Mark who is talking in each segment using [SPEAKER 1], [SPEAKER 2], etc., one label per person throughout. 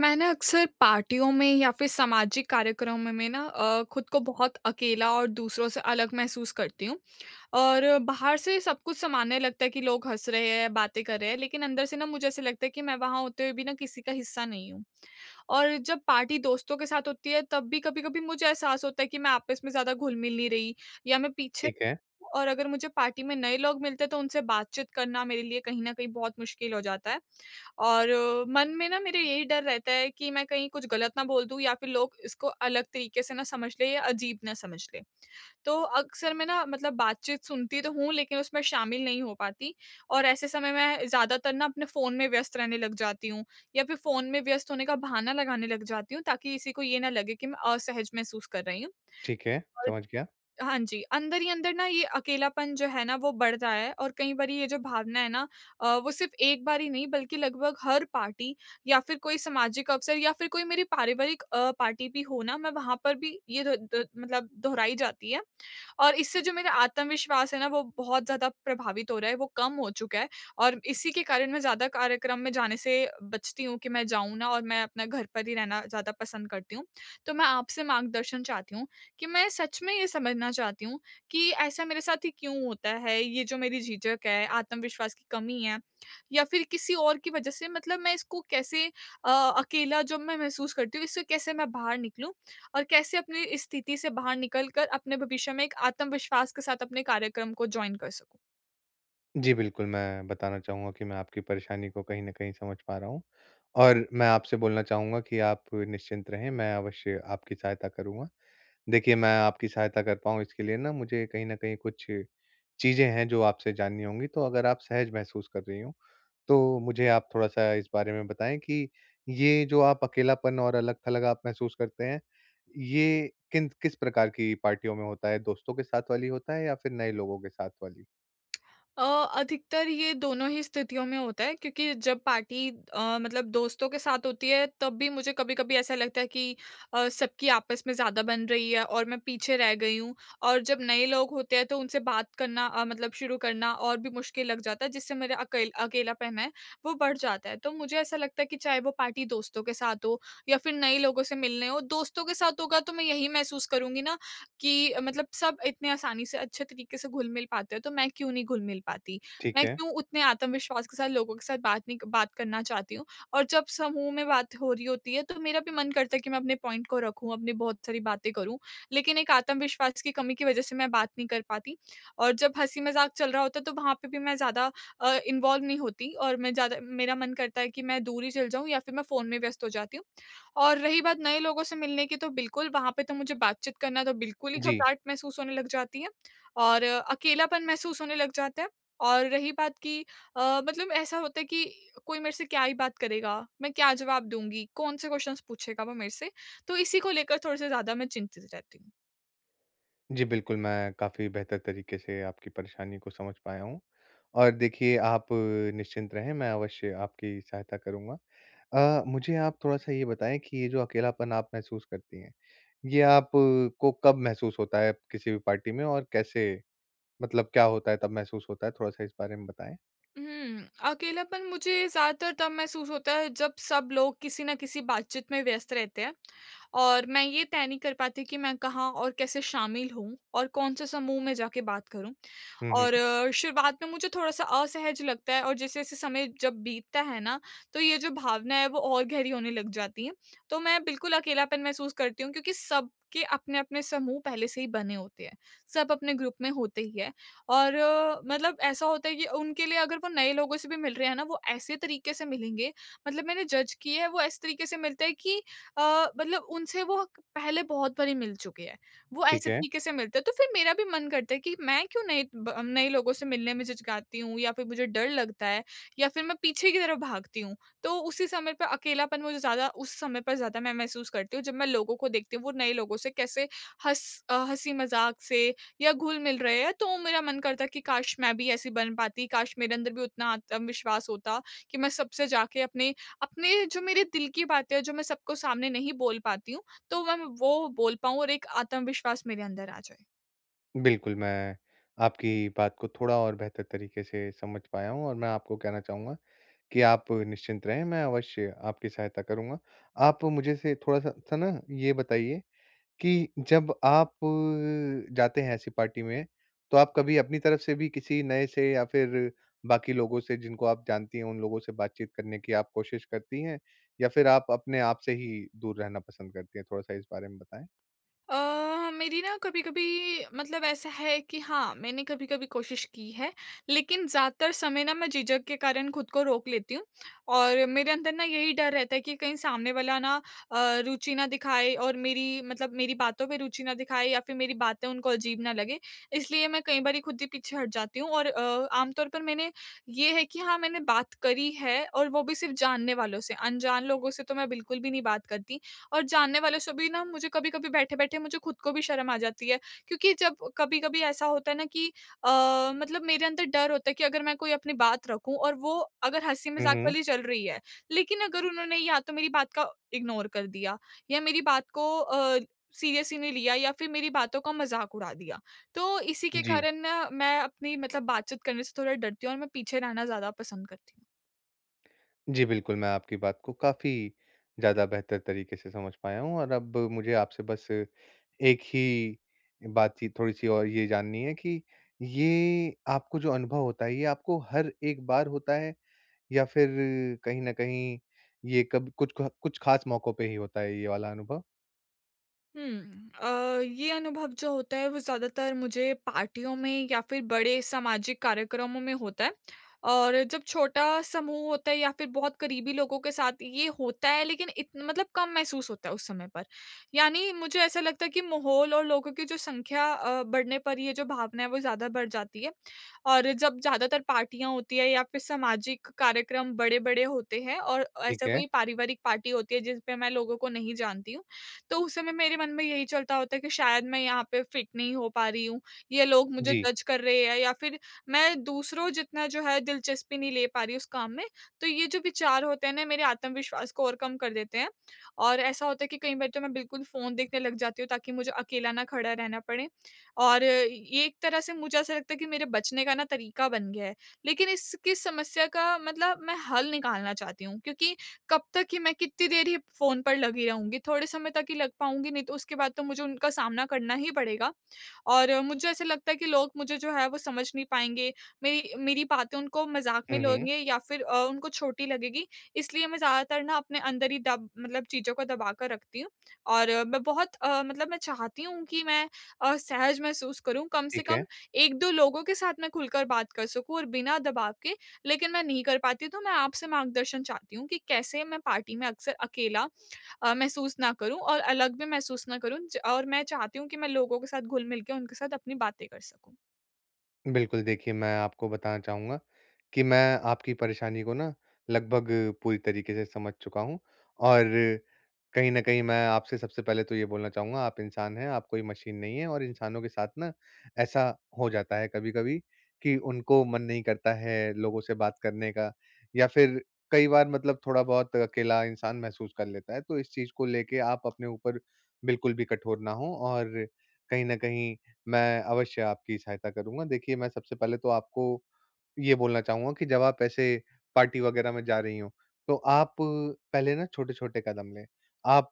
[SPEAKER 1] मैं ना अक्सर पार्टियों में या फ़िर सामाजिक कार्यक्रमों में ना अ, ख़ुद को बहुत अकेला और दूसरों से अलग महसूस करती हूँ। और बाहर से सब कुछ सामान्य लगता है कि लोग हँस रहे हैं, बातें कर रहे हैं लेकिन अंदर से ना मुझे ऐसे लगता है कि मैं वहाँ होते हुए भी ना किसी का हिस्सा नहीं हूँ। और जब पार्टी दोस्तों के साथ होती है तब भी कभी-कभी मुझे एहसास होता है कि मैं आपस में ज़्यादा घुल-मिल नहीं रही या मैं पीछे
[SPEAKER 2] ठीक है।
[SPEAKER 1] और अगर मुझे पार्टी में नए लोग मिलते हैं, तो उनसे बातचीत करना मेरे लिए कहीं न कहीं बहुत मुश्किल हो जाता है। और मन में ना मेरा यही डर रहता है कि मैं कहीं कुछ गलत ना बोल दूँ या फ़िर लोग इसको अलग तरीके से ना समझ लें या अजीब ना समझ लें। तो अक्सर मैं ना मतलब बातचीत सुनती तो हूँ लेकिन उसमें शामिल नहीं हो पाती। और ऐसे समय मैं ज़्यादातर ना अपने फ़ोन में व्यस्त रहने लग जाती हूँ या फ़िर फ़ोन में व्यस्त होने का बहाना लगाने लग जाती हूँ, ताकि किसी को ये ना लगे कि मैं असहज महसूस कर रही हूँ
[SPEAKER 2] ठीक है,
[SPEAKER 1] और
[SPEAKER 2] समझ गया।
[SPEAKER 1] हाँ जी। अंदर ही अंदर ना ये अकेलापन जो है ना वो बढ़ रहा है और कई बारी ये जो भावना है ना अ, वो सिर्फ़ एक बार ही नहीं बल्कि लगभग हर पार्टी या फ़िर कोई सामाजिक अवसर या फ़िर कोई मेरी पारिवारिक अ, पार्टी भी हो ना, मैं वहाँ पर भी ये द द मतलब दोहराई जाती है। और इससे जो मेरा आत्मविश्वास है ना वो बहुत ज़्यादा प्रभावित हो रहा है, वो कम हो चुका है और इसी के कारण मैं ज़्यादा कार्यक्रम में जाने से बचती हूँ कि मैं जाऊँ ना और मैं अपने घर पर ही रहना ज़्यादा पसंद करती हूँ। तो मैं आपसे मार्गदर्शन चाहती हूँ कि मैं सच में ये समझना चाहती हूँ कि ऐसा मेरे साथ ही क्यों होता है? ये जो मेरी झिझक है, आत्मविश्वास की कमी है या फ़िर किसी और की वज़ह से मतलब मैं इसको कैसे अ, अकेला जब मैं महसूस करती हूँ इससे कैसे मैं बाहर निकलूँ? और कैसे अपनी स्थिति से बाहर निकल कर अपने भविष्य में एक आत्मविश्वास के साथ अपने कार्यक्रम को जॉइन कर सकूँ।
[SPEAKER 2] जी, बिल्कुल मैं बताना चाहूँगा कि मैं आपकी परेशानी को कहीं न कहीं समझ पा रहा हूँ और मैं आपसे बोलना चाहूँगा कि आप निश्चिंत रहें, मैं अवश्य आपकी सहायता करूँगा। देखिए मैं आपकी सहायता कर पाऊँ इसके लिए ना मुझे कहीं न कहीं कुछ चीज़ें हैं, जो आपसे जाननी होंगी तो अगर आप सहज महसूस कर रही हों तो मुझे आप थोड़ा-सा इस बारे में बताएँ कि ये जो आप अकेलापन और अलग-थलग आप महसूस करते हैं, ये किन किस प्रकार की पार्टियों में होता है? दोस्तों के साथ वाली होता है या फिर नए लोगों के साथ वाली?
[SPEAKER 1] अ, अधिकतर ये दोनों ही स्थितियों में होता है क्योंकि जब पार्टी अ, मतलब दोस्तों के साथ होती है तब भी मुझे कभी-कभी ऐसा लगता है कि अ, सबकी आपस में ज़्यादा बन रही है और मैं पीछे रह गई हूँ। और जब नए लोग होते हैं तो उनसे बात करना अ, मतलब शुरू करना और भी मुश्किल लग जाता है, जिससे मेरा अकेल अकेलापन है वो बढ़ जाता है। तो मुझे ऐसा लगता है कि चाहे वो पार्टी दोस्तों के साथ हो या फिर नए लोगों से मिलने हो, दोस्तों के साथ होगा तो मैं यही महसूस करूँगी ना कि मतलब सब इतने आसानी से अच्छे तरीके से घुल-मिल पाते हैं तो मैं क्यों नहीं घुल-मिल पाती?
[SPEAKER 2] ठीक
[SPEAKER 1] मैं
[SPEAKER 2] है।
[SPEAKER 1] क्यों उतने आत्मविश्वास के साथ लोगों के साथ बात नहीं बात करना चाहती हूँ और जब समूह में बात हो रही होती है तो मेरा भी मन करता है कि मैं अपने पॉइंट को रखूँ, अपनी बहुत सारी बातें करूँ लेकिन एक आत्मविश्वास की कमी की वजह से मैं बात नहीं कर पाती। और जब हँसी-मज़ाक चल रहा होता है तो वहाँ पे भी मैं ज़्यादा अ, इन्वॉल्व नहीं होती और मैं ज़्यादा मेरा मन करता है कि मैं दूर ही चली जाऊँ या फिर मैं फ़ोन में व्यस्त हो जाती हूँ। और रही बात नए लोगों से मिलने की तो बिल्कुल वहाँ पे तो मुझे बातचीत करना तो बिल्कुल ही
[SPEAKER 2] जी।
[SPEAKER 1] घबराहट महसूस होने लग जाती है और अकेलापन महसूस होने लग जाता है। और रही बात कि अ, मतलब ऐसा होता है कि कोई मेरे से क्या ही बात करेगा? मैं क्या जवाब दूँगी? कौन-से क्वेस्शन्स पूछेगा वो मेरे से? तो इसी को लेकर थोड़े-से ज़्यादा मैं चिंतित रहती हूँ।
[SPEAKER 2] जी बिल्कुल, मैं काफ़ी बेहतर तरीके से आपकी परेशानी को समझ पाया हूँ। और देखिए आप निश्चिंत रहें, मैं अवश्य आपकी सहायता करूँगा। अ, मुझे आप थोड़ा-सा ये बताएँ कि ये जो अकेलापन आप महसूस करती है, ये आप को कब महसूस होता है किसी भी पार्टी में? और कैसे मतलब क्या होता है तब महसूस होता है, थोड़ा-सा इस बारे में बताएँ?
[SPEAKER 1] हुँ, अकेलापन मुझे ज़्यादातर तब महसूस होता है जब सब लोग किसी न किसी बातचीत में व्यस्त रहते हैं। और मैं ये तय नहीं कर पाती कि मैं कहाँ और कैसे शामिल हूँ और कौन-से समूह में जाके बात करूँ।
[SPEAKER 2] हुँ, हुँ।
[SPEAKER 1] और शुरुआत में मुझे थोड़ा-सा असहज लगता है और जैसे-जैसे समय जब बीतता है ना तो ये जो भावना है वो और गहरी होने लग जाती है। तो मैं बिल्कुल अकेलापन महसूस करती हूँ क्योंकि सबके अपने-अपने समूह पहले से ही बने होते हैं। सब अपने ग्रुप में होते ही हैं और मतलब ऐसा होता है कि उनके लिए अगर वो नए लोगों से भी मिल रहे हैं ना वो ऐसे तरीके से मिलेंगे, मतलब मैंने जज़ किए है वो ऐसे तरीके से मिलते है कि अ, मतलब उनसे वो पहले बहुत बारी मिल चुके हैं, वो
[SPEAKER 2] ठीक
[SPEAKER 1] ऐसे
[SPEAKER 2] है।
[SPEAKER 1] तरीके से मिलते हैं। तो फिर मेरा भी मन करता है कि मैं क्यों नए ब नए लोगों से मिलने में झिझकाती हूँ या फिर मुझे डर लगता है या फिर मैं पीछे की तरफ भागती हूँ तो उसी समय पे अकेलापन मुझे ज़्यादा उस समय पर ज़्यादा मैं महसूस करती हूँ जब मैं लोगों को देखती हूँ वो नए लोगों से कैसे हँस अ, हँसी-मज़ाक से या घुल-मिल रहे हैं तो मेरा मन करता है कि काश मैं भी ऐसी बन पाती काश मेरे अंदर भी उतना आत्मविश्वास होता कि मैं सबसे जाके अपने अपने जो मेरे दिल की बातें हैं जो मैं सबको सामने नहीं बोल पाती हूँ, तो वो मैं वो बोल पाऊँ और एक आत्मविश्वास मेरे अंदर आ जाए।
[SPEAKER 2] बिल्कुल, मैं आपकी बात को थोड़ा और बेहतर तरीके से समझ पाया हूँ और मैं आपको कहना चाहूँगा, कि आप निश्चिंत रहें मैं अवश्य आपकी सहायता करूँगा। आप मुझे से थोड़ा-सा स ना ये बताइए, कि जब आप जाते हैं ऐसी पार्टी में, तो आप कभी अपनी तरफ से भी किसी नए से या फिर बाकी लोगों से जिनको आप जानती हों, उन लोगों से बातचीत करने की आप कोशिश करती हैं या फिर आप अपने आप से ही दूर रहना पसंद करती हैं, थोड़ा-सा इस बारे में बताएँ?
[SPEAKER 1] अ, मेरी ना कभी-कभी मतलब ऐसा है कि हाँ, मैंने कभी-कभी कोशिश की है, लेकिन ज़्यादातर समय ना मैं झिझक के कारण ख़ुद को रोक लेती हूँ और मेरे अंदर ना यही डर रहता है कि कहीं सामने वाला ना अ, रुचि ना दिखाए और मेरी मतलब मेरी बातों पे रुचि ना दिखाए या फिर मेरी बातें उनको अजीब ना लगे। इसलिए मैं कई बारी ख़ुद ही पीछे हट जाती हूँ और अ, आमतौर पर मैंने ये है कि हाँ, मैंने बात करी है और वो भी सिर्फ़ जानने वालों से, अनजान लोगों से तो मैं बिल्कुल भी नहीं बात करती और जानने वालो से भी ना मुझे कभी-कभी बैठे-बैठे मुझे ख़ुद को भी शर्म आ जाती है, क्योंकि जब कभी-कभी ऐसा होता है ना कि अ, मतलब मेरे अंदर डर होता है कि अगर मैं कोई अपनी बात रखूँ और वो अगर
[SPEAKER 2] हुँ,
[SPEAKER 1] हँसी-मज़ाक
[SPEAKER 2] हुँ।
[SPEAKER 1] वाली चल रही है, लेकिन अगर उन्होंने या तो मेरी बात का इग्नोर कर दिया या मेरी बात को अ, सीरियसली नहीं लिया या फिर मेरी बातों का मज़ाक उड़ा दिया। तो, इसी के
[SPEAKER 2] जी।
[SPEAKER 1] कारण ना, मैं अपनी मतलब बातचीत करने से थोड़ा डरती हूँ और मैं पीछे रहना ज़्यादा पसंद करती हूँ।
[SPEAKER 2] जी, बिल्कुल, मैं आपकी बात को काफ़ी ज़्यादा बेहतर तरीके से समझ पाया हूँ। और अब मुझे आपसे बस एक ही, बातचीत थोड़ी-सी और ये जाननी है कि ये आपको जो अनुभव होता है, ये आपको हर एक बार होता है? या फिर कहीं न कहीं ये कब कुछ ख कुछ ख़ास मौकों पे ही होता है, ये वाला अनुभव?
[SPEAKER 1] हुँ। अ, ये अनुभव जो होता है वो ज़्यादातर मुझे पार्टियों में या फिर बड़े सामाजिक कार्यक्रमों में होता है। और जब छोटा समूह होता है या फिर बहुत क़रीबी लोगों के साथ ये होता है लेकिन इत मतलब कम महसूस होता है उस समय पर। यानी मुझे ऐसा लगता है कि माहौल और लोगों की जो संख्या अ, बढ़ने पर ये जो भावना है वो ज़्यादा बढ़ जाती है। और जब ज़्यादातर पार्टियाँ होती हैं या फिर सामाजिक कार्यक्रम बड़े-बड़े होते हैं और अ,
[SPEAKER 2] ठीक
[SPEAKER 1] ऐसा
[SPEAKER 2] है।
[SPEAKER 1] कोई पारिवारिक पार्टी होती है जिस पे मैं लोगों को नहीं जानती हूँ। तो उस समय मेरे मन में यही चलता होता है कि शायद मैं यहाँ पे फिट नहीं हो पा रही हूँ। ये लोग मुझे
[SPEAKER 2] जी।
[SPEAKER 1] जज़ कर रहे हैं या फिर मैं दूसरों जितना जो है दिलचस्पी नहीं ले पा रही हूँ उस काम में। तो ये जो विचार होते हैं ना मेरे आत्मविश्वास को और कम कर देते हैं। और ऐसा होता है कि कई बार तो मैं बिल्कुल फ़ोन देखने लग जाती हूँ ताकि मुझे अकेला ना खड़ा रहना पड़े। और ये एक तरह से मुझे ऐसा लगता है कि मेरे बचने का ना तरीका बन गया है। लेकिन इसकी समस्या का मतलब मैं हल निकालना चाहती हूँ क्योंकि कब तक ही मैं कितनी देर फोन पर लगी रहूँगी? थोड़े समय तक ही लग पाऊँगी। नहीं तो उसके बाद तो मुझे उनका सामना करना ही पड़ेगा। और मुझे ऐसा लगता है कि लोग मुझे जो है वो समझ नहीं पाएँगे, मेरी मेरी बातें उनको मज़ाक में
[SPEAKER 2] हुँ, हुँ।
[SPEAKER 1] लेंगे या फिर अ, उनको छोटी लगेगी। इसलिए मैं ज़्यादातर ना अपने अंदर ही दब मतलब चीज़ों को दबाकर रखती हूँ। और मैं बहुत अ, मतलब मैं चाहती हूँ कि मैं अ, सहज़ महसूस करूँ। कम से
[SPEAKER 2] ठीक
[SPEAKER 1] कम
[SPEAKER 2] है।
[SPEAKER 1] 1-2 लोगों के साथ मैं खुलकर बात कर सकूँ और बिना दबाव के। लेकिन मैं नहीं कर पाती तो मैं आपसे मार्गदर्शन चाहती हूँ कि कैसे मैं पार्टी में अक्सर अकेला अ, महसूस ना करूँ? और अलग भी महसूस ना करूँ और मैं चाहती हूँ कि मैं लोगों के साथ घुल-मिल के उनके साथ अपनी बातें कर सकूँ।
[SPEAKER 2] बिल्कुल, देखिए मैं आपको बताना चाहूँगा, कि मैं आपकी परेशानी को ना लगभग पूरी तरीक़े से समझ चुका हूँ। और कहीं न कहीं मैं आपसे सबसे पहले तो ये बोलना चाहूँगा आप इंसान हैं आप कोई मशीन नहीं है, और इंसानों के साथ ना ऐसा हो जाता है कभी-कभी, कि उनको मन नहीं करता है लोगों से बात करने का। या फिर कई बार मतलब थोड़ा बहुत अकेला इंसान महसूस कर लेता है तो इस चीज़ को लेके आप अपने ऊपर बिल्कुल भी कठोर ना हों, और कहीं न कहीं मैं अवश्य आपकी सहायता करूँगा। देखिए मैं सबसे पहले तो आपको ये बोलना चाहूँगा कि जब आप ऐसे पार्टी वग़ैरह में जा रही हों, तो आप पहले ना छोटे-छोटे कदम लें। आप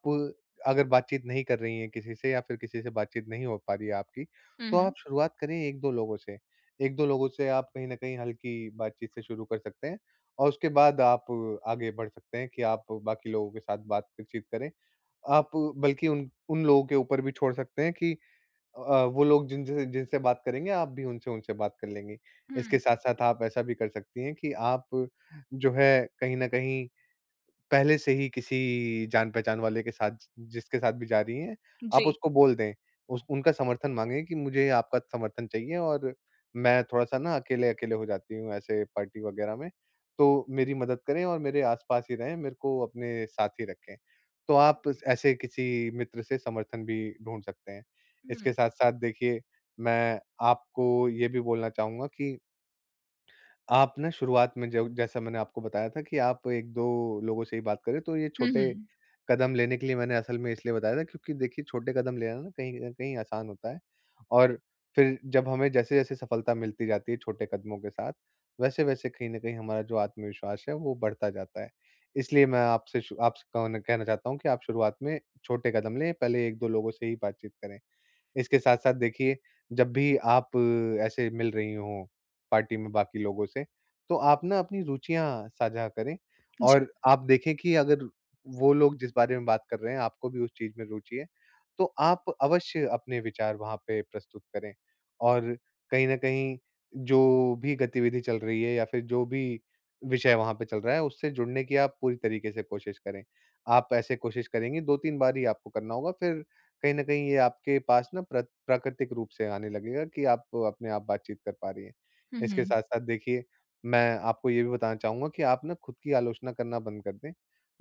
[SPEAKER 2] अगर बातचीत नहीं कर रही हैं किसी से या फिर किसी से बातचीत नहीं हो पा रही है आपकी,
[SPEAKER 1] हुँ,
[SPEAKER 2] तो आप
[SPEAKER 1] हुँ।
[SPEAKER 2] शुरुआत करें 1-2 लोगों से 1-2 लोगों से आप कहीं न कहीं हल्की बातचीत से शुरू कर सकते हैं। और उसके बाद आप आगे बढ़ सकते हैं कि आप बाकी लोगों के साथ बातचीत करें। आप बल्कि उन उन लोगों के ऊपर भी छोड़ सकते हैं कि अ, वो लोग जिन जिनसे-जिनसे बात करेंगे आप भी उनसे-उनसे बात कर लेंगी। इसके
[SPEAKER 1] हुँ।
[SPEAKER 2] साथ-साथ आप ऐसा भी कर सकती है कि आप जो है कहीं न कहीं पहले से ही किसी जान-पहचान वाले के साथ जि जिसके साथ भी जा रही है, आप
[SPEAKER 1] जी।
[SPEAKER 2] उसको बोल दें, उस उनका समर्थन माँगे कि मुझे आपका समर्थन चाहिए और मैं थोड़ा-सा ना अकेले-अकेले हो जाती हूँ ऐसे पार्टी वग़ैरह में तो मेरी मदद करें और मेरे आस-पास ही रहें, मेरे को अपने साथ ही रखें। तो आप ऐसे किसी मित्र से समर्थन भी ढूँढ सकते हैं। इसके
[SPEAKER 1] हुँ।
[SPEAKER 2] साथ-साथ देखिए, मैं आपको ये भी बोलना चाहूँगा कि आप ना शुरुआत में जब जैसा मैंने आपको बताया था कि आप 1-2 लोगों से ही बात करें। तो ये
[SPEAKER 1] हुँ,
[SPEAKER 2] छोटे
[SPEAKER 1] हुँ।
[SPEAKER 2] कदम लेने के लिए मैंने असल में इसलिए बताया था क्योंकि देखिए छोटे कदम लेना ना कहीं-कहीं आसान होता है और फिर जब हमें जैसे-जैसे सफलता मिलती जाती है छोटे कदमों के साथ, वैसे-वैसे कहीं न कहीं हमारा जो आत्मविश्वास है वो बढ़ता जाता है। इसलिए मैं आपसे आपसे कहना कहना चाहता हूँ कि आप शुरुआत में छोटे कदम लें पहले 1-2 लोगों से ही बातचीत करें। इसके साथ-साथ देखिए, जब भी आप ऐसे मिल रही हों पार्टी में बाकी लोगों से, तो आप ना अपनी रुचियाँ साझा करें
[SPEAKER 1] जी।
[SPEAKER 2] और आप देखें कि अगर वो लोग जिस बारे में बात कर रहे हैं, आपको भी उस चीज़ में रुचि है, तो आप अवश्य अपने विचार वहाँ पे प्रस्तुत करें। और कहीं न कहीं जो भी गतिविधि चल रही है या फिर जो भी विषय वहाँ पे चल रहा है उससे जुड़ने की आप पूरी तरीक़े से कोशिश करें। आप ऐसे कोशिश करेंगी, 2-3 बार ही आपको करना होगा फिर कहीं न कहीं ये आपके पास ना प्र प्राकृतिक रूप से आने लगेगा कि आप अपने आप बातचीत कर पा रही हैं।
[SPEAKER 1] हुँ,
[SPEAKER 2] इसके
[SPEAKER 1] हुँ।
[SPEAKER 2] साथ-साथ देखिए मैं आपको ये भी बताना चाहूँगा कि आप ना ख़ुद की आलोचना करना बंद कर दें।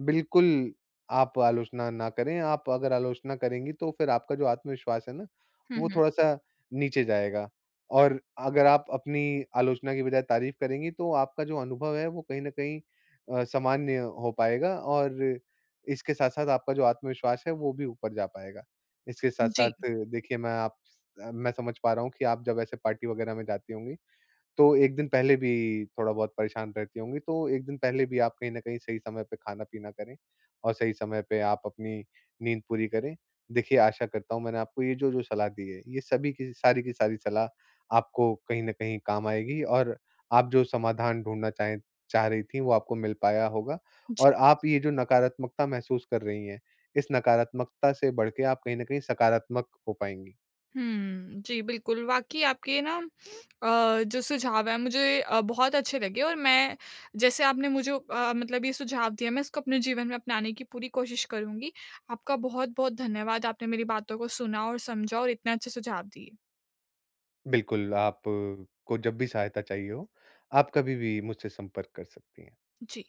[SPEAKER 2] बिल्कुल, आप आलोचना ना करें, आप अगर आलोचना करेंगी तो फिर आपका जो आत्मविश्वास है ना,
[SPEAKER 1] हुँ,
[SPEAKER 2] वो
[SPEAKER 1] हुँ।
[SPEAKER 2] थोड़ा-सा नीचे जाएगा। और अगर आप अपनी आलोचना की बजाय तारीफ़ करेंगी तो आपका जो अनुभव है, वो कहीं न कहीं अ, सामान्य हो पाएगा और इसके साथ-साथ आपका जो आत्मविश्वास है वो भी ऊपर जा पाएगा। इसके साथ-साथ
[SPEAKER 1] जी।
[SPEAKER 2] देखिए मैं आप स मैं समझ पा रहा हूँ कि आप जब ऐसे पार्टी वग़ैरह में जाती होंगी। तो 1 दिन पहले भी थोड़ा बहुत परेशान रहती होंगी, तो 1 दिन पहले भी आप कहीं न कहीं सही समय पे खाना-पीना करें, और सही समय पे आप अपनी नींद पूरी करें। देखिए आशा करता हूँ मैंने आपको ये जो जो सलाह दी है ये सभी की सारी की सारी सलाह आपको कहीं न कहीं काम आएगी, और आप जो समाधान ढूँढना चाहे चाह रही थी, वो आपको मिल पाया होगा।
[SPEAKER 1] जी।
[SPEAKER 2] और आप ये जो नकारात्मकता महसूस कर रही हैं, इस नकारात्मकता से बढ़ के आप कहीं न कहीं सकारात्मक हो पाएँगी।
[SPEAKER 1] हुँ, जी, बिल्कुल वाक़ई आपके ना अ, जो सुझाव है मुझे अ, बहुत अच्छे लगे और मैं जैसे आपने मुझे अ, मतलब ये सुझाव दिए मैं इसको अपने जीवन में अपनाने की पूरी कोशिश करुँगी आपका बहुत-बहुत धन्यवाद आपने मेरी बातों को सुना और समझा और इतने अच्छे सुझाव दिए।
[SPEAKER 2] बिल्कुल, आप, को जब भी सहायता चाहिए हो, आप कभी भी मुझसे संपर्क कर सकती हैं।
[SPEAKER 1] जी।